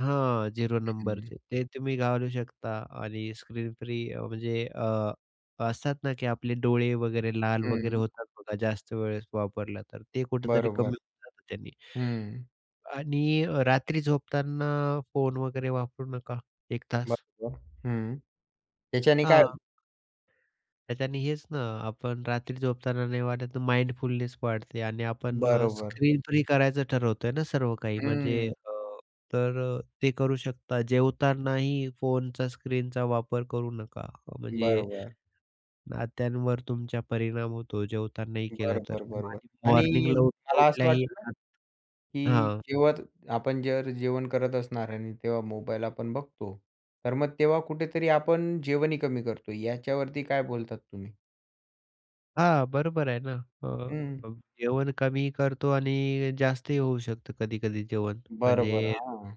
हां, झिरो हं. नंबरचे. ते तुम्ही घालू शकता आणि स्क्रीन फ्री अ, म्हणजे अ, असतात ना की आपले डोळे वगैरे, लाल वगैरे हं. होतात बघा जास्त वेळेस वापरलं तर. ते कुठेतरी कमी बरोबर, होऊन जातं त्यानी. हं. आणि अ, रात्री झोपताना फोन वगैरे वापरू नका 1 तास. बरोबर, हं, त्याच्याने काय हां. हो तर त्यानी हेच ना, आपण रात्री झोपताना नाही वाटत माइंडफुलनेस वाढते आणि आपण अ, बरोबर. स्क्रीन फ्री करायचं ठरवतोय ना सर्व काही म्हणजे हम्म. अ, तर अ, ते करू शकता. जेवतानाही फोनचा स्क्रीनचा वापर करू नका, अ, म्हणजे बरोबर. नात्यांवर तुमच्या परिणाम होतो जेवतानाही केलं तर. बरोबर, बरोबर आणि आणि मॉर्निंगला मला असं उठल्या-उठल्याही वाटतं ना, [unintelligible] की हां. जेवत आपण जर जेवण करत असणार आणि तेव्हा मोबाईल आपण बघतो, तर मग तेव्हा कुठेतरी आपण जेवणही कमी करतो. याच्यावरती काय बोलतात तुम्ही? हां, बरोबर आहे ना. अ, हं. अ, जेवण कमी करतो आणि जास्तही होऊ शकतं कधी-कधी जेवण, बरोबर, म्हणजे हां.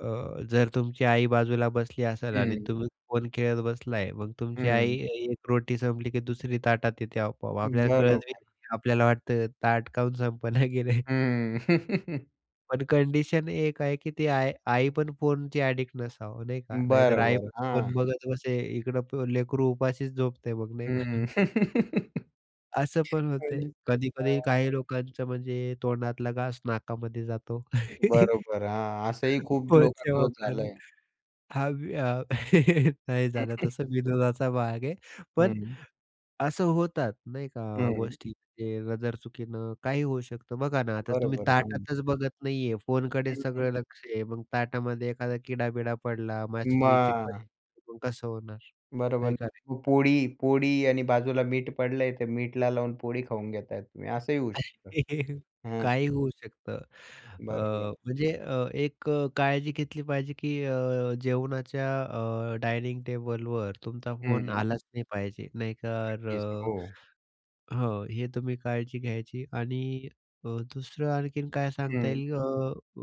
अ, जर तुमची आई बाजूला बसली असेल आणि हं. तुम्ही फोन खेळत बसलाय, मग तुमची आई हं. एक रोटी संपली की दुसरी ताटात येते आपोआप, आपल्याला कळतही बरोबर. नाही. आपल्याला वाटतं ताट का म्हणून संपना गेलंय. हं. पण कंडिशन एक आहे की ती आय आई पण फोनची ॲडिक्ट नसावं, नाही का, नाहीतर बरं, आई बरं. फोन हां. बघत बसे. इकडं प लेकरू उपाशीच झोपतय मग, नाही हम्म. का? असं पण होतंय. आणि कधी-कधी हां. काही लोकांचं म्हणजे तोंडातला घास नाकामध्ये जातो. बरोबर, हां, असंही खूप फोनच्या लोकांसोबत वापरानं झालंय. हां, मी नाही हं, झालं हं. तसं. विनोदाचा भाग आहे, पण हं. असं होतात, नाही का, हं. गोष्टी म्हणजे नजर चुकीनं काहीही होऊ शकतं. बघा ना आता तुम्ही बरोबर, हं. ताटातच बघत नाही आहे, फोनकडे हं, हं. सगळं लक्ष आहे. मग ताटामध्ये एखादा किडा-बिडा पडला, माशी-बिशी मग पडली, मग कसं होणार? बरोबर आहे ना, का नाही? मग पोळी पोळी आणि बाजूला मीठ पडलंय ते मीठला लावून पोळी खाऊन घेताय तुम्ही असंही होऊ शकतं. हं. काहीही होऊ शकतं, अ, बरोबर. म्हणजे अ, एक अ, काळजी घेतली पाहिजे की अ, जेवणाच्या अ, डायनिंग टेबलवर तुमचा फोन हं. आलाच नाही पाहिजे नाही तर नक्कीच, हो. अ हो, हे तुम्ही काळजी घ्यायची आणि अ, दुसरं आणखीन काय सांगता हं. येईल? अ